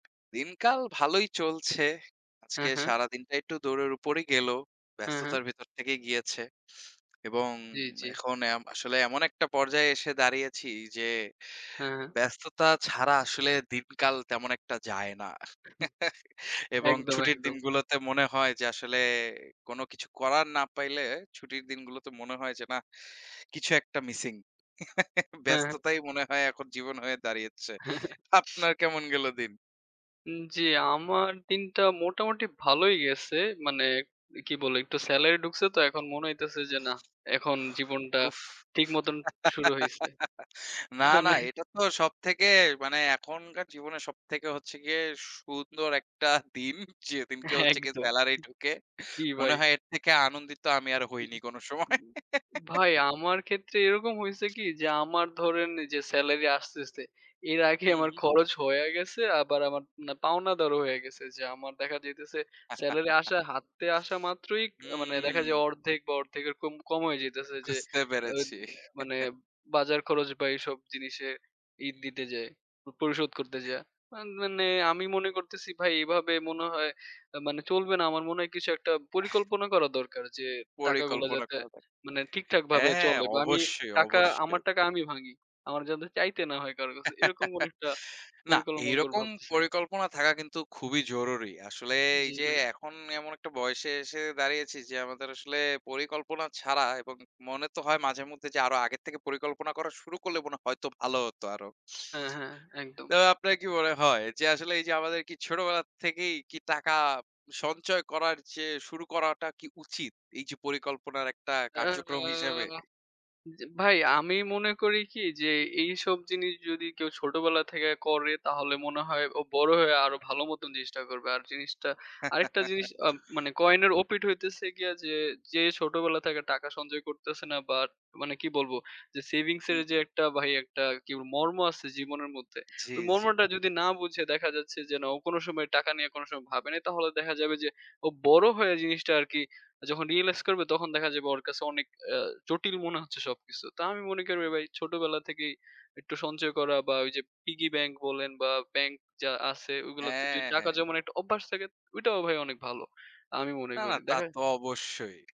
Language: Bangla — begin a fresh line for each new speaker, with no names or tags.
দিনকাল ভালোই চলছে। আজকে
হ্যাঁ, হ্যাঁ।
সারাদিনটা একটু দৌড়ের উপরেই গেল।
হ্যাঁ, হ্যাঁ।
ব্যস্ততার ভিতর থেকেই গিয়েছে। এবং
জ্বী, জ্বী।
এখন এম আসলে এমন একটা পর্যায়ে এসে দাঁড়িয়েছি যে,
হ্যাঁ, হ্যাঁ।
ব্যস্ততা ছাড়া আসলে দিনকাল তেমন একটা যায় না এবং
একদম,
ছুটির
একদম।
দিনগুলোতে মনে হয় যে আসলে কোন কিছু করার না পাইলে, ছুটির দিনগুলোতে মনে হয় যে নাহ, কিছু একটা মিসিং।
হ্যাঁ, হ্যাঁ।
ব্যস্ততাই মনে হয় এখন জীবন হয়ে দাঁড়িয়েছে। আপনার কেমন গেল দিন?
উ জ্বী। আমার দিনটা মোটামুটি ভালই গেছে। মানে কি বলে একটু সেলারি ঢুকছে তো এখন মনে হইতেছে যে নাহ! এখন জীবনটা
উফ!
ঠিক মতন শুরু হইছে।
না, না।
মানে
এটা তো সব থেকে মানে এখনকার জীবনে সব থেকে হচ্ছে গিয়ে সুন্দর একটা দিন। যেদিনকে হচ্ছে গিয়ে
একদম।
সেলারি ঢুকে।
জ্বী
মনে
ভাই।
হয় এর থেকে আনন্দিত আমি আর
হু,
হইনি
হু।
কোন
হু,
সময়।
হু। ভাই, আমার ক্ষেত্রে এরকম হইছে কি যে আমার ধরেন যে সেলারি আসতে, আসতে এর আগে
হু,
আমার
হু।
খরচ হইয়া গেছে। আবার আমার না পাওনাদারও হয়ে গেছে, যে আমার দেখা যাইতেছে সেলারি আসা হাতে আসা মাত্রই মানে দেখা যায়
হু।
অর্ধেক বা অর্ধেক এর কম, কম হইয়া যাইতেছে। যে
বুঝতে
এ
পেরেছি।
মানে বাজার খরচ বা এসব জিনিসে ই
হু।
দিতে যেয়ে। পরিশোধ করতে যায়া। আন মানে আমি মনে করতেছি ভাই এভাবে মনে হয় মানে চলবে না। আমার মনে হয় কিছু একটা পরিকল্পনা করা দরকার যে, টাকাগুলো
পরিকল্পনা
যাতে
করা লাগে।
মানে ঠিকঠাক ভাবে
হ্যাঁ।
চলে। বা আমি
অবশ্যই,
টাকা আমার
অবশ্যই।
টাকা আমি ভাঙি। আমার যাতে চাইতে না হয় কারো কাছে। এরকম কোনো একটা
না,
পরিকল্পনা মনে করে
এইরকম
ভাবতেছি।
পরিকল্পনা থাকা কিন্তু খুবই জরুরি। আসলে এই
জ্বী,
যে
ভাই।
এখন এমন একটা বয়সে এসে দাঁড়িয়েছি। যে আমাদের আসলে পরিকল্পনা ছাড়া এবং মনে তো হয় মাঝে মধ্যে যে, আরো আগের থেকে পরিকল্পনা করা শুরু করলে মনে হয় হয়তো ভালো হতো আরো।
হ্যাঁ, হ্যাঁ। একদম।
তো আপনার কি মনে হয় যে আসলে এই যে আমাদের কি ছোটবেলা থেকেই কি টাকা সঞ্চয় করার চেয়ে শুরু করাটা কি উচিত এই যে পরিকল্পনার একটা
আ আ
কার্যক্রম হিসেবে?
জ্বী ভাই। আমি মনে করি কি যে এইসব জিনিস যদি কেউ ছোটবেলা থেকে করে। তাহলে মনে হয় ও বড় হয়ে আরো ভালো মত জিনিসটা করবে। আর জিনিসটা আরেকটা জিনিস আ মানে কয়েনের ওপিঠ হইতেছে গিয়া যে, যে ছোটবেলা থেকে টাকা সঞ্চয় করতেছে না, বাট মানে কি বলব যে সেভিংস
হু,
এর যে
হু।
একটা ভাই একটা কি মর্ম আছে জীবনের মধ্যে ঐ
জ্বী, জ্বী।
মর্মটা যদি না বুঝে দেখা যাচ্ছে যে না ও কোন সময় টাকা নিয়ে কোন সময় ভাবে নাই। তাহলে দেখা যাবে যে ও বড় হয়ে জিনিসটা আর কি যখন রিয়ালাইজ করবে তখন দেখা যাবে ওর কাছে অনেক অ্যা জটিল মনে হচ্ছে সবকিছু। তা আমি মনে করি ভাই ছোটবেলা থেকেই একটু সঞ্চয় করা বা ওই যে পিগি ব্যাংক বলেন বা ব্যাংক যা আছে ওগুলোতে যদি
হ্যাঁ,
টাকা
হ্যাঁ।
জমানোর একটা অভ্যাস থাকে। ঐটাও ভাই অনেক ভালো। আমি মনে
না, না।
করি।
তা
দেখে
তো অবশ্যই।